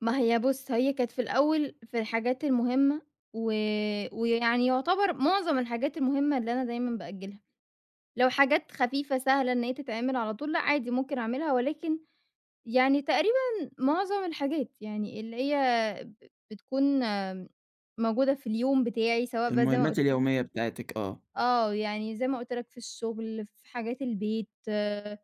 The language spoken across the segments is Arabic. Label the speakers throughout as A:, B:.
A: ما هي بُص، هي كانت في الأول في الحاجات المهمة و ويعني يعتبر معظم الحاجات المهمة اللي أنا دايمًا بأجّلها. لو حاجات خفيفة سهلة إن هي تتعمل على طول، لأ عادي ممكن أعملها ولكن يعني تقريبًا معظم الحاجات يعني اللي هي ب بتكون موجودة في اليوم بتاعي، سواء بقى زي ما
B: المهمات
A: قُلت
B: اليومية بتاعتِك آه.
A: آه. يعني زي ما قُلت لك في الشغل، في حاجات البيت، آآ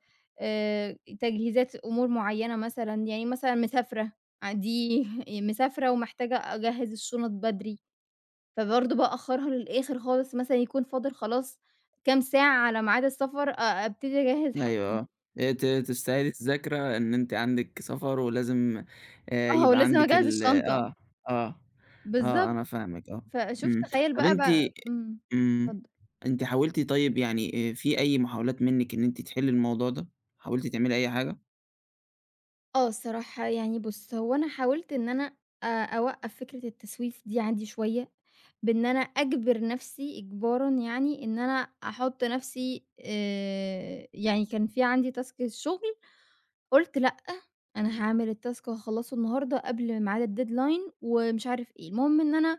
A: تجهيزات أمور معيّنة مثلًا، يعني مثلًا مسافرة ع دي مسافرة ومحتاجة أجهّز الشُنط بدري. فبرضه بأخّرها للآخِر خالص مثلًا يكون فاضل خلاص كام ساعة على ميعاد السفر، أ أبتدي أجهّز
B: أيوه
A: حاجتي.
B: آه. آآ ت تستعيدي الذاكرة إن أنتِ عندِك سفر ولازم آآ
A: آه.
B: يبقى
A: ولازم
B: عندِك
A: أجهّز
B: ال
A: الشنطة.
B: آه، آه. آه،
A: بالضبط.
B: أنا فاهمِك آه.
A: فشوف
B: إمم.
A: تخيّل
B: طَب
A: بقى ب
B: أنتِ
A: إمم.
B: إمم.
A: اتفضّل.
B: أنتِ حاولتِ طيب يعني آآ في أي محاولات منِّك إن أنتِ تحلّي الموضوع ده، حاولتِ تعملي أي حاجة؟
A: آه الصراحة. يعني بُص، هو أنا حاولت إن أنا أ أوقّف فكرة التسويف دي عندي شوية، بإن أنا أجبر نفسي إجبارًا يعني إن أنا أحُط نفسي آآ يعني كان في عندي تاسك الشغل، قُلت لأ أنا هاعمل التاسك وهاخلّصه النهارده قبل معاد الdeadline ومش عارف إيه. المهم إن أنا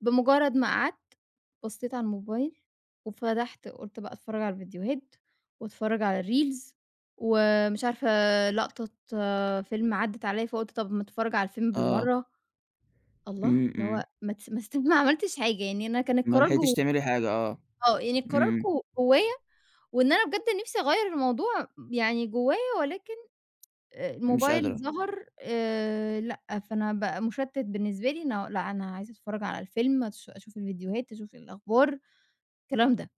A: بمُجرّد ما قعدت، بصّيت على الموبايل وفتحت قُلت بقى أتفرّج على الفيديوهات وأتفرّج على الريلز ومش عارفة لقطة فيلم عدِّت عليّا، فقُلت طب ما أتفرّج على الفيلم
B: آه.
A: بالمرّة. الله
B: إمم،
A: اللي هو
B: إمم.
A: ما تس ما استب ما عملتش حاجة، يعني أنا كان
B: ما
A: القرار
B: لحقتيش
A: جو
B: تعملي حاجة آه.
A: آه. يعني القرار ج
B: إمم.
A: جوّايا وإن أنا بجد نفسي أغيّر الموضوع يعني جوّايا ولكن آآ
B: مش
A: الموبايل
B: قادرة.
A: ظهر آآ لأ، فأنا بقى مُشتِّت بالنسبة لي إنه لأ أنا عايزة أتفرّج على الفيلم أش أشوف الفيديوهات، أشوف الأخبار، الكلام ده.